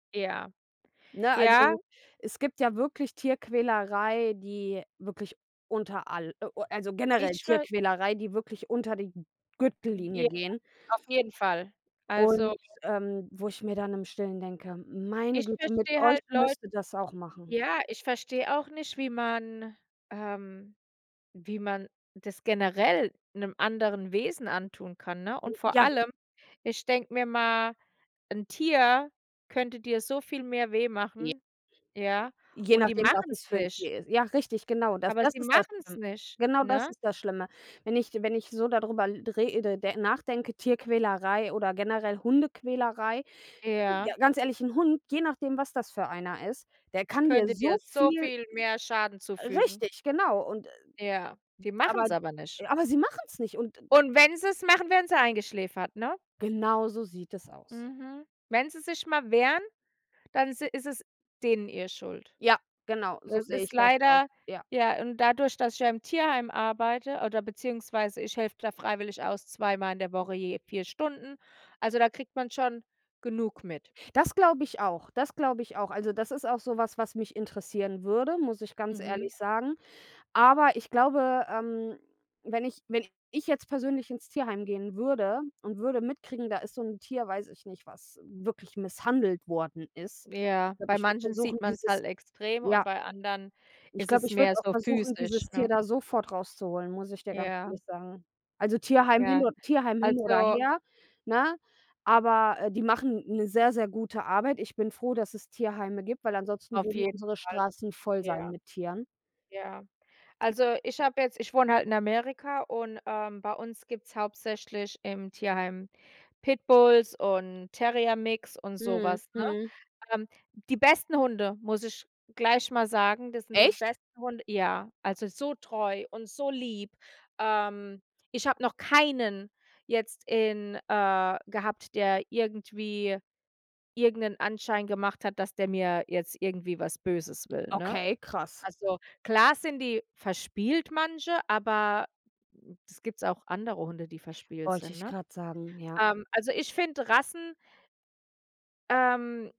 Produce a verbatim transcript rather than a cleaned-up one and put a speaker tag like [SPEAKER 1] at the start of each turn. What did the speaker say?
[SPEAKER 1] Ja.
[SPEAKER 2] Ne, also,
[SPEAKER 1] Ja.
[SPEAKER 2] es gibt ja wirklich Tierquälerei, die wirklich unter all äh, äh, also generell
[SPEAKER 1] Ich will
[SPEAKER 2] Tierquälerei, die wirklich unter die G Gürtellinie
[SPEAKER 1] [unintelligible]
[SPEAKER 2] gehen.
[SPEAKER 1] Auf jeden Fall.
[SPEAKER 2] Und,
[SPEAKER 1] Also
[SPEAKER 2] ähm, wo ich mir dann im Stillen denke: „Meine
[SPEAKER 1] Ich
[SPEAKER 2] Güte, mit
[SPEAKER 1] verstehe
[SPEAKER 2] euch
[SPEAKER 1] halt Leu
[SPEAKER 2] müsste das auch machen."
[SPEAKER 1] ja, ich verstehe auch nicht, wie man ähm, wie man das generell 'nem anderen Wesen antun kann, ne?
[SPEAKER 2] Hm,
[SPEAKER 1] Und vor
[SPEAKER 2] ja.
[SPEAKER 1] allem, ich denke mir mal:” 'N Tier könnte dir so viel mehr weh
[SPEAKER 2] Je
[SPEAKER 1] machen," ja?
[SPEAKER 2] Je
[SPEAKER 1] Und die
[SPEAKER 2] nachdem, was
[SPEAKER 1] machen's
[SPEAKER 2] es fürn
[SPEAKER 1] nicht.
[SPEAKER 2] Tier ist. Ja, richtig, genau. Das
[SPEAKER 1] Aber
[SPEAKER 2] das
[SPEAKER 1] sie
[SPEAKER 2] ist das,
[SPEAKER 1] machen's
[SPEAKER 2] ähm
[SPEAKER 1] nicht,
[SPEAKER 2] genau das
[SPEAKER 1] ne?
[SPEAKER 2] ist das Schlimme. Wenn ich wenn ich so da drüber l rede de nachdenke, Tierquälerei oder generell Hundequälerei. J
[SPEAKER 1] Ja.
[SPEAKER 2] Ja, ganz ehrlich, 'n Hund, je nachdem, was das für einer ist, der kann dir
[SPEAKER 1] Könnte
[SPEAKER 2] so
[SPEAKER 1] dir so
[SPEAKER 2] viel
[SPEAKER 1] viel mehr Schaden
[SPEAKER 2] j
[SPEAKER 1] zufügen.
[SPEAKER 2] Richtig, genau! Und, äh,
[SPEAKER 1] Ja,
[SPEAKER 2] d
[SPEAKER 1] die
[SPEAKER 2] aber
[SPEAKER 1] machen's aber nicht.
[SPEAKER 2] aber sie machen's nicht und d
[SPEAKER 1] Und wenn sie's machen, werden sie eingeschläfert, ne?
[SPEAKER 2] Genau so sieht es aus.
[SPEAKER 1] Mhm. Wenn sie sich mal wehren, dann si ist es denen ihr Schuld.
[SPEAKER 2] Ja, genau, so
[SPEAKER 1] Das
[SPEAKER 2] sehe
[SPEAKER 1] ist
[SPEAKER 2] ich das aus.
[SPEAKER 1] leider
[SPEAKER 2] Ja.
[SPEAKER 1] ja, und dadurch, dass ich ja im Tierheim arbeite oder beziehungsweise ich helfe da freiwillig aus zweimal in der Woche je vier Stunden. Also, da kriegt man schon genug mit.
[SPEAKER 2] Das glaube ich auch. Das glaube ich auch. Also, das ist auch so was, was mich interessieren würde, muss ich ganz
[SPEAKER 1] Mhm.
[SPEAKER 2] ehrlich sagen. Aber ich glaube, ähm, wenn ich wenn ich jetzt persönlich ins Tierheim gehen würde und würde mitkriegen, da ist so 'n Tier, weiß ich nicht, was w wirklich misshandelt worden ist.
[SPEAKER 1] Ja,
[SPEAKER 2] Ich glaube,
[SPEAKER 1] bei
[SPEAKER 2] ich würde
[SPEAKER 1] manchen
[SPEAKER 2] versuchen,
[SPEAKER 1] sieht man's
[SPEAKER 2] dieses
[SPEAKER 1] halt extrem und
[SPEAKER 2] ja.
[SPEAKER 1] bei anderen
[SPEAKER 2] Ich
[SPEAKER 1] ist
[SPEAKER 2] glaube,
[SPEAKER 1] es
[SPEAKER 2] ich
[SPEAKER 1] mehr
[SPEAKER 2] würde auch
[SPEAKER 1] so
[SPEAKER 2] versuchen,
[SPEAKER 1] physisch,
[SPEAKER 2] dieses Tier
[SPEAKER 1] ne?
[SPEAKER 2] da sofort rauszuholen, muss ich dir ganz
[SPEAKER 1] Ja.
[SPEAKER 2] ehrlich sagen. Also, Tierheim hin
[SPEAKER 1] Ja.
[SPEAKER 2] o Tierheim hin oder
[SPEAKER 1] Also
[SPEAKER 2] her, ne? Aber, äh, die machen 'ne sehr, sehr gute Arbeit. Ich bin froh, dass es Tierheime gibt, weil ansonsten
[SPEAKER 1] Auf
[SPEAKER 2] würden
[SPEAKER 1] jeden
[SPEAKER 2] unsere
[SPEAKER 1] Fall,
[SPEAKER 2] Straßen voll sein
[SPEAKER 1] ja.
[SPEAKER 2] mit Tieren.
[SPEAKER 1] Ja. Also, ich habe jetzt ich wohne halt in Amerika und, ähm, bei uns gibt's hauptsächlich im Tierheim Pitbulls und Terrier Mix und so
[SPEAKER 2] Mhm,
[SPEAKER 1] was, ne?
[SPEAKER 2] mhm.
[SPEAKER 1] Ähm, die besten Hunde, muss ich gleich mal sagen, das sind die
[SPEAKER 2] Echt?
[SPEAKER 1] besten Hunde ja, also, so treu und so lieb, ähm, ich habe noch keinen jetzt in äh, gehabt, der irgendwie irgend 'nen Anschein gemacht hat, dass der mir jetzt irgendwie was Böses will, ne?
[SPEAKER 2] Okay, krass.
[SPEAKER 1] Also, klar sind die verspielt manche, aber d das gibt's auch andere Hunde, die verspielt
[SPEAKER 2] Wollte
[SPEAKER 1] sind,
[SPEAKER 2] ich
[SPEAKER 1] ne?
[SPEAKER 2] grad sagen, ja.
[SPEAKER 1] Ähm, also ich finde Rassen Ähm.